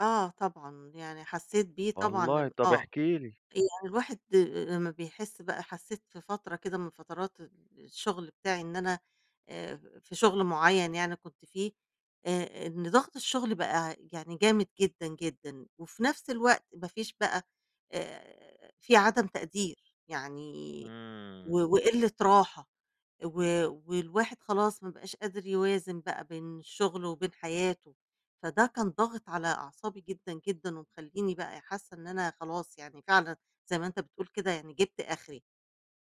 آه طبعًا، يعني حسيت بيه طبعًا والله، ام طَب آه، احكي لي. يعني الواحد آآ، لمّا بيحس بقى حسيت في فترة كده من فترات ال الشغل بتاعي إن أنا آآ، في شغل معيّن يعني كنت فيه آآ، إن ضغط الشغل بقى يعني جامد جدًا، جدًا وفي نفس الوقت ما فيش بقى آآ، في عدم تقدير يعني إمم. و وقلة راحة و والواحد خلاص، ما بقاش قادر يوازن بقى بين شغله وبين حياته، فده كان ضاغط على أعصابي جدًا، جدًا ومخليني بقى حاسة إن أنا خلاص، يعني فعلًا زي ما أنت بتقول كده، يعني جبت آخري،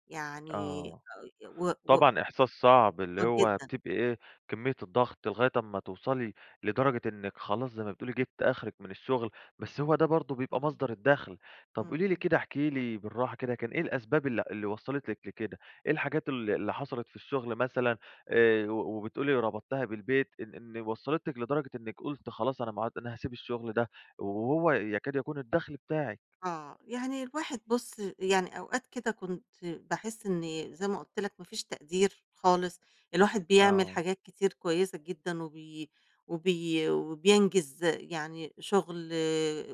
يعني آه، [unintelligible] و و طبعًا إحساس صعب اللي آه، هو جدًا. بتبقى إيه، كمية الضغط لغاية أمّا توصلي لدرجة إنِك خلاص، زي ما بتقولي جبتِ آخرِك من الشغل، بس هو ده برضه بيبقى إمم، مصدر الدخل. طَب قولي لي إمم. كده، احكي لي بالراحة كده، كان إيه الأسباب اللي اللي وصّلت لِك لكده؟ إيه الحاجات ال اللي حصلت في الشغل مثلًا آآ، و وبتقولي ربطتِيها بالبيت إن إن وصلتِك لدرجة إنِّك قلتِ خلاص أنا ما عد أنا هاسيب الشغل ده، وهو يكاد يكون الدخل بتاعِك؟ آه، يعني الواحد بُصّ، يعني أوقات كده كنت باحس إني زي ما قُلت لك ما فيش تقدير خالص، الواحد بيعمل آه. حاجات كتير كويسة جدًا، وبي وبي وبينجز يعني شغل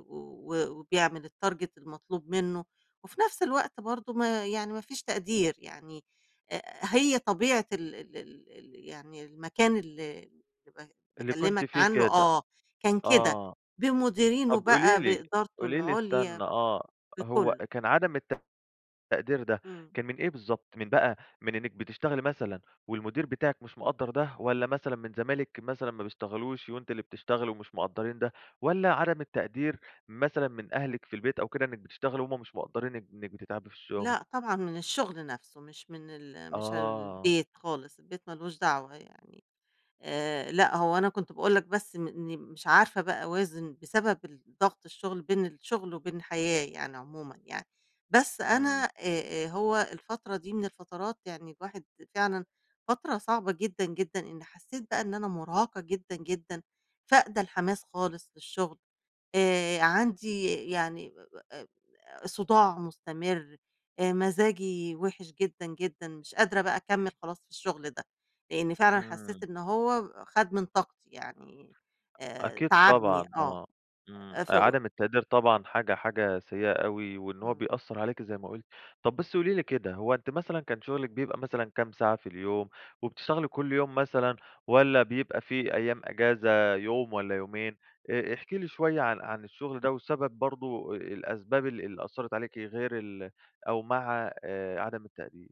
و وبيعمل الtarget المطلوب منه وفي نفس الوقت برضه ما يعني ما فيش تقدير، يعني آآ، هي طبيعة ال ال ال ال يعني المكان اللي ب اللي كنتِ باكلّمك فيه عنه كده، آه، كان كده، آه، بمديرينه طَب قولي بقى لي بإدارته قولي لي العُليا استنى آه، هو بكلُّه. كان عدم الت التقدير ده إمم. كان من إيه بالضبط؟ من بقى من إنِّك بتشتغلي مثلًا والمدير بتاعِك مش مقدّر ده؟ والَّا مثلًا من زمايلِك مثلًا ما بيشتغلوش وأنتِ اللي بتشتغلي ومش مقدرّين ده؟ والَّا عدم التقدير مثلًا من أهلِك في البيت أو كده إنِّك بتشتغلي، وهم مش مقدرّين إن إنِّك بتتعبي في الشغل؟ لأ، طبعًا من الشغل نفسه مش من ال مش آه. البيت خالص، البيت ما لوش دعوة يعني. آآ، لأ هو أنا كنت باقول لك بس م إني مش عارفة بقى أوازن بسبب الضغط الشغل، بين الشغل وبين الحياة يعني عمومًا يعني، بس أنا إمم. آآ، آآ، هو الفترة دي من الفترات يعني الواحد فعلًا فترة صعبة جدًا، جدًا، إني حسيت بقى إن أنا مرهقة جدًا، جدًا فاقدة الحماس خالص للشغل [unintelligible] آآ، عندي يعني آآ، صداع مستمر مزاجي وحش جدًا، جدًا، مش قادرة بقى أكمِّل خلاص في الشغل ده، لإني فعلًا حسيت إمم. إنه هو خد من طاقتي، يعني آآ، أكيد تعبني، طبعًا، آه آه، إمم أ ف و عدم التقدير طبعًا حاجة حاجة سيئة أوي، وإن هو همم. بيأثَّر عليكِ زي ما قُلتِ. طَب بس قولي لي كده، هو أنتِ مثلًا كان شغلِك بيبقى مثلًا كام ساعة في اليوم، وبتشتغلي كُلّ يوم مثلًا والَّا بيبقى في أيام أجازة، يوم والَّا يومين آآ، آآ، احكي لي شوية عن عن الشغل ده وسبب برضه أ الأسباب اللي اللي أثَّرت عليكِ غير ال أو مع آآ، عدم التقدير.